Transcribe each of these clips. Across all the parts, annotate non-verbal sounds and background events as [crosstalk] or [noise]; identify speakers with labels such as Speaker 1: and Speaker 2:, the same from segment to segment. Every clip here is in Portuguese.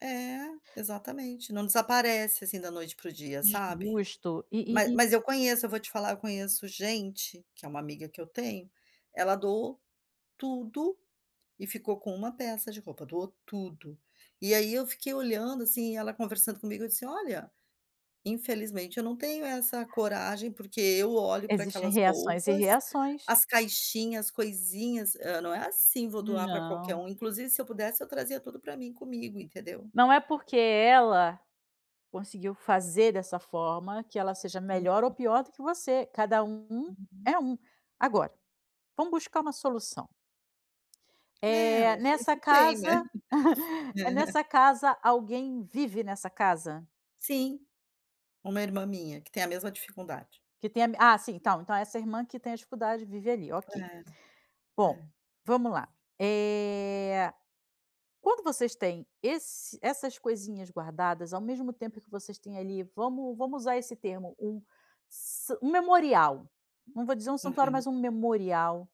Speaker 1: É, exatamente, não desaparece assim da noite para o dia, sabe?
Speaker 2: Justo, e
Speaker 1: [chuckles]
Speaker 2: e
Speaker 1: Mas
Speaker 2: e
Speaker 1: mas eu conheço, eu vou te falar, eu conheço gente, que é uma amiga que eu tenho, ela doou tudo, e ficou com uma peça de roupa, doou tudo. E aí eu fiquei olhando assim, ela conversando comigo, eu disse: "Olha, infelizmente eu não tenho essa coragem, porque eu olho para
Speaker 2: Existem
Speaker 1: aquelas
Speaker 2: reações e
Speaker 1: roupas,
Speaker 2: reações.
Speaker 1: as caixinhas, as coisinhas, hã não é assim, vou doar para qualquer
Speaker 2: Não.
Speaker 1: um, inclusive se eu pudesse eu trazia tudo para mim comigo, entendeu?"
Speaker 2: Não é porque ela conseguiu fazer dessa forma que ela seja melhor ou
Speaker 1: Uhum.
Speaker 2: pior do que você, cada um
Speaker 1: Uhum.
Speaker 2: é um. Agora, vamos buscar uma solução.
Speaker 1: É
Speaker 2: Eh,
Speaker 1: não sei
Speaker 2: nessa
Speaker 1: se tem né?
Speaker 2: casa, [chuckles] eh,
Speaker 1: É.
Speaker 2: nessa casa alguém vive nessa casa?
Speaker 1: Sim, uma irmã minha que tem a mesma dificuldade.
Speaker 2: Que tem a, ah sim então então essa irmã que tem dificuldade vive ali, ok.
Speaker 1: É, é.
Speaker 2: Bom, vamos lá eh quando vocês têm esse essas coisinhas guardadas ao mesmo tempo que vocês têm ali, vamos vamos usar esse termo, um sa um memorial, não vou dizer um santuário,
Speaker 1: Aham.
Speaker 2: um memorial,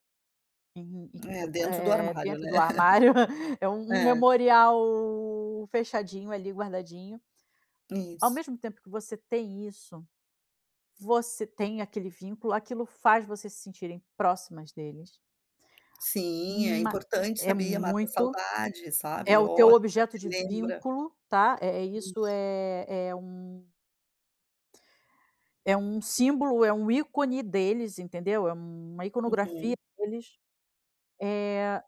Speaker 2: uhum
Speaker 1: É dentro do
Speaker 2: eh
Speaker 1: armário,
Speaker 2: dentro
Speaker 1: né?
Speaker 2: do armário, [chuckles] é
Speaker 1: [chuckles]
Speaker 2: um
Speaker 1: É.
Speaker 2: memorial fechadinho ali guardadinho. Ao
Speaker 1: Isso.
Speaker 2: mesmo tempo que você tem isso, você tem aquele vínculo, aquilo faz você se sentirem próximas deles.
Speaker 1: Sim, é
Speaker 2: Ma
Speaker 1: importante
Speaker 2: é
Speaker 1: sabia mata a
Speaker 2: muito,
Speaker 1: saudade
Speaker 2: é
Speaker 1: sabe,
Speaker 2: o teu
Speaker 1: olha,
Speaker 2: objeto
Speaker 1: se
Speaker 2: de
Speaker 1: lembra.
Speaker 2: vínculo está, é isso
Speaker 1: Isso.
Speaker 2: é é um é um símbolo, é um ícone deles, entendeu? É uma iconografia
Speaker 1: Uhum.
Speaker 2: deles eh